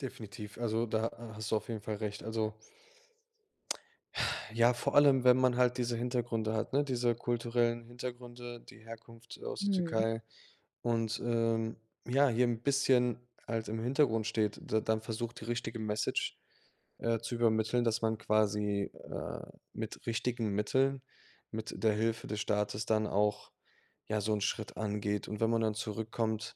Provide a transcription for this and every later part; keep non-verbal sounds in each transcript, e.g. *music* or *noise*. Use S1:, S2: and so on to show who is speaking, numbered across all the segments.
S1: Definitiv. Also da ha hast du auf jeden Fall recht. Also *tsk* *exhales* Ja, vor allem, wenn man halt diese Hintergründe hat, ne, diese kulturellen Hintergründe, die Herkunft, äh, aus der
S2: Mhm.
S1: Türkei und, ähm, ja, hier 'n bisschen halt im Hintergrund steht, d dann versucht, die richtige Message, äh, zu übermitteln, dass man quasi, äh, mit richtigen Mitteln, mit der Hilfe des Staates dann auch, ja, so 'n Schritt angeht und wenn man dann zurück kommt,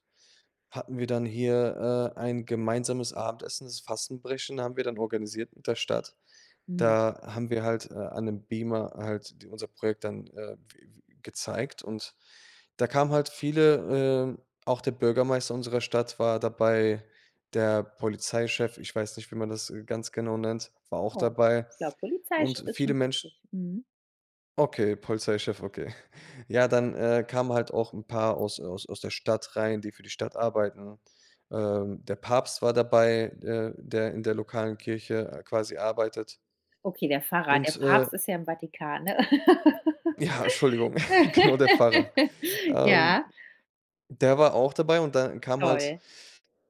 S1: hatten wir dann hier, äh, ein gemeinsames Abendessen, das Fastenbrechen haben wir dann organisiert mit der Stadt.
S2: Mhm.
S1: Da haben wir halt, äh, an 'nem Beamer halt unser Projekt dann, äh, w w gezeigt und da kamen halt viele. Äh, auch der Bürgermeister unserer Stadt war dabei, der Polizeichef ich weiß nicht, wie man das, äh, ganz genau nennt, war auch
S2: Oh.
S1: dabei
S2: Klar,
S1: und
S2: Polizeichef ist
S1: viele
S2: schon richtig.
S1: Mensch
S2: Mhm.
S1: Okay, Polizeichef, okay. *chuckles* Ja, dann, äh, kamen halt auch 'n paar aus, äh aus aus der Stadt rein, die für die Stadt arbeiten. Ähm, der Papst war dabei, äh, der in der lokalen Kirche, äh, quasi arbeitet
S2: Okay, der Pfarrer, der
S1: und, äh
S2: Papst ist ja im Vatikan, ne?
S1: Ja, Entschuldigung, *chuckles* Genau, der Pfarrer,
S2: *laughs*
S1: ähm,
S2: Ja.
S1: der war auch dabei und dann kam halt
S2: Toll.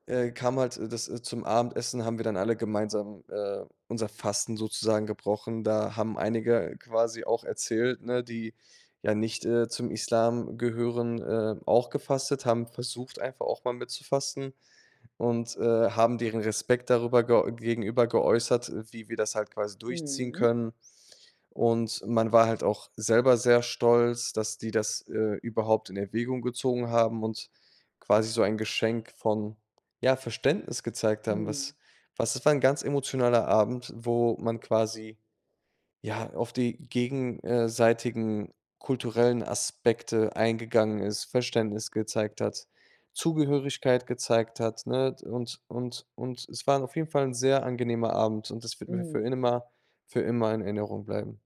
S1: äh, kam halt, äh, das zum Abendessen haben wir dann alle gemeinsam, äh, unser Fasten sozusagen gebrochen. Da haben einige quasi auch erzählt, ne, die ja nicht, äh, zum Islam gehören, ähm, auch gefastet, haben versucht, einfach auch mal mitzufasten *inhales* und, äh, haben deren Respekt darüber ge gegenüber geäußert, wie wir das halt quasi durchziehen
S2: Mhm.
S1: können, und man war halt auch selber sehr stolz, dass die das, äh, überhaupt in Erwägung gezogen haben und quasi so ein Geschenk von, ja, Verständnis gezeigt haben,
S2: Mhm.
S1: was was das war 'n ganz emotionaler Abend, wo man quasi, ja, auf die gegen äh, seitigen kulturellen Aspekte eingegangen ist, Verständnis gezeigt hat, Zugehörigkeit gezeigt hat, ne? D und und und es war auf jeden Fall 'n sehr angenehmer Abend, und das wird mir für
S2: Mhm.
S1: immer für immer in Erinnerung bleiben.